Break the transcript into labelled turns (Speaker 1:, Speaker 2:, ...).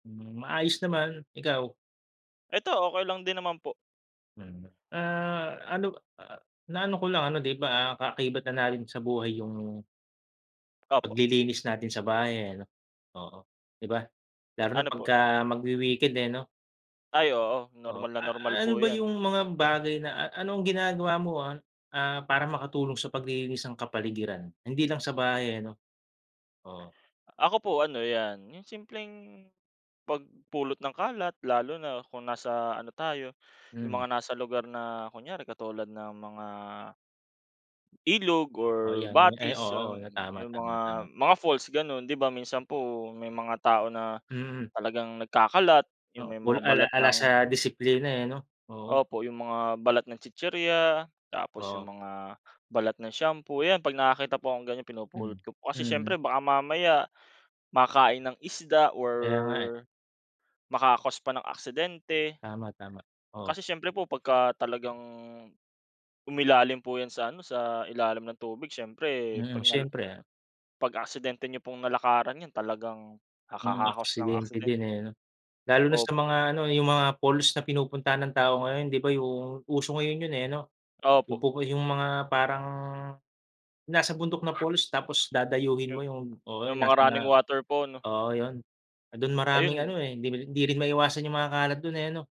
Speaker 1: Hmm, maayos naman. Ikaw?
Speaker 2: Ito, okey lang din naman po.
Speaker 1: Hmm. Ah ano, ah, na ano ko lang, ano di ba, ah, kaakibat na natin sa buhay yung
Speaker 2: Opo.
Speaker 1: paglilinis natin sa bahay eh, 'no? Oo, 'di ba? Lalo na
Speaker 2: Ano po?
Speaker 1: pagka magwi-weekend eh, no?
Speaker 2: Ay oo,
Speaker 1: O.
Speaker 2: normal na normal
Speaker 1: Ah, ano
Speaker 2: po
Speaker 1: ba
Speaker 2: yan.
Speaker 1: yung mga bagay na a-anong ginagawa mo, ah ah, para makatulong sa paglilinis ng kapaligiran, hindi lang sa bahay, eh, 'no? Oo.
Speaker 2: Ako po ano 'yan, yung simpleng pagpulot ng kalat lalo na kung nasa ano tayo, yung
Speaker 1: Hmm.
Speaker 2: mga nasa lugar na kunyari katulad ng mga ilog or
Speaker 1: Oh 'yan, ay
Speaker 2: batis, um,
Speaker 1: oo. Tama
Speaker 2: yung
Speaker 1: tama tama.
Speaker 2: mga mga falls, gano'n. Di ba, minsan po may mga tao na
Speaker 1: Mm.
Speaker 2: talagang nagkakalat, yung
Speaker 1: Oh.
Speaker 2: may mga balat
Speaker 1: Wala ala
Speaker 2: ng
Speaker 1: sa disiplina eh, 'no? Oo.
Speaker 2: opo. Yung mga balat ng chichirya tapos yung
Speaker 1: Oo.
Speaker 2: mga balat ng shampoo. 'Yan pag nakakita pa akong ganyan,
Speaker 1: Hmm.
Speaker 2: pinupulot ko po. Kasi
Speaker 1: Mm.
Speaker 2: siyempre baka mamaya makain ng isda or
Speaker 1: Kaya nga, eh.
Speaker 2: maka-cause pa ng aksidente.
Speaker 1: Tama tama. Oo.
Speaker 2: Kasi siyempre po pagka talagang umilalim po yan sa ano, sa ilalim ng tubig siyempre
Speaker 1: Mm,
Speaker 2: pag nala
Speaker 1: siyempre, ah.
Speaker 2: pag-aksidente niyo pong nalakaran 'yan talagang
Speaker 1: Mm,
Speaker 2: nakaka-cause ng
Speaker 1: aksidente
Speaker 2: accident.
Speaker 1: din eh, no? Lalo na sa
Speaker 2: Opo.
Speaker 1: mga ano, yung mga falls na pinupuntahan ng tao ngayon, di ba? Yung uso ngayon yun eh, ano? Yung
Speaker 2: Opo.
Speaker 1: pupu yung mga parang, yung nasa bundok na falls tapos dadayuhin mo yung oo.
Speaker 2: Yung mga running
Speaker 1: [unintelligible]
Speaker 2: water po, 'no?
Speaker 1: Oo yun. Dun maraming
Speaker 2: Ayun.
Speaker 1: ano eh, di bi rin, di rin maiwasan yung mga kalat dun eh, no?